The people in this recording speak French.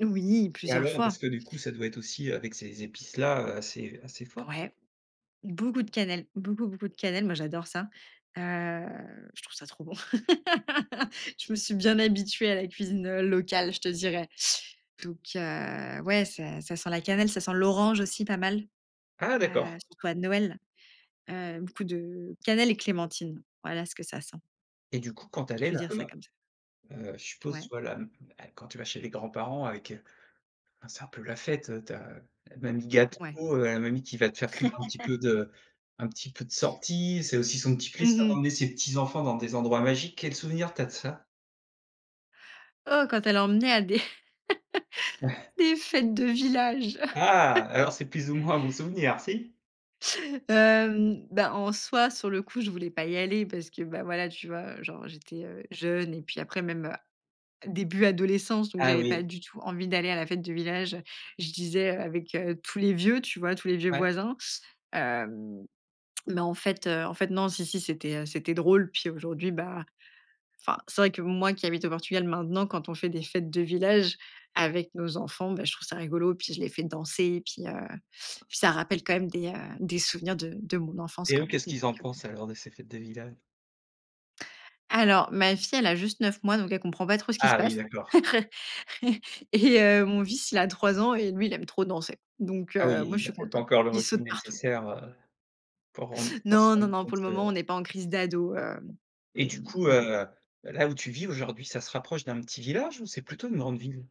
Oui, Et plusieurs alors? Parce fois! que, du coup, ça doit être aussi, heu, avec ces épices-là, heu, assez assez fort? Ouais. Beaucoup de cannelle, beaucoup, beaucoup de cannelle. Moi, j'adore ça. Heu, je trouve ça trop bon. Je me suis bien habituée à la cuisine, heu, locale, je te dirais. Donc, heu, ouais, ça ça sent la cannelle, ça sent l'orange aussi, pas mal, Ah! heu, D'accord. surtout à Noël. Heu, beaucoup de, heu, cannelle et clémentine. Voilà, ce que ça sent Et du coup, quand tu allais je vais dire ça là-bas, comme ça. heu, je suppose tu Ouais. vois la m et quand tu vas chez les grands-parents avec heu, bah, c'est un peu la fête, heu, tu as, heu, la mamie gâteau, Ouais. heu, la mamie qui va te faire un petit peu de un petit peu de sorties. C'est aussi son petit Mmh plaisir mh. d'emmener ses petits-enfants dans des endroits magiques. Quel souvenir tu as de ça? Oh! Quand elle emmenait à des Ouais! des fêtes de village. Ah! Alors, c'est plus ou moins un bon souvenir, si? Hem, bah en soi, sur le coup, je voulais pas y aller parce que, bah, voilà, tu vois, heu, genre j'étais, heu, jeune et puis, après, même, heu, début adolescence, donc, Ah j'avais pas oui. du tout envie d'aller à la fête du village. Je disais: «Heu, avec, heu, tous les vieux, tu vois, tous les vieux Ouais. voisins». Hem, mais, en fait, heu, en fait, non, si, si. C'était, heu, c'était drôle. Puis, aujourd'hui, bah, enfin, c'est vrai que, moi qui habite au Portugal maintenant, quand on fait des fêtes de village avec nos enfants, beh, je trouve ça rigolo. Puis, je les fais danser. Puis, heu, puis ça rappelle quand même des, heu, des souvenirs de de mon enfance Et quand eux, même. qu'est-ce Donc, qu'ils en heu pensent, alors, de ces fêtes de village? Alors, ma fille, elle a juste 9 mois, donc elle comprend pas trop ce qui se Ah! Oui, passe d'accord. et heu, mon fils, il a 3 ans et lui, il aime trop danser. Donc, Ah oui, heu, moi, i il je avait suis pas peut-être pas contente. encore le Il recul saute partout. nécessaire, heu, pour rendre pour se Non, non, rendre non. compte Pour le moment, on de n'est pas en crise d'ado, hem, Et oui, du hem, coup, heu, mais bon. heu, là où tu vis aujourd'hui, ça se rapproche d'un petit village ou c'est plutôt une grande ville?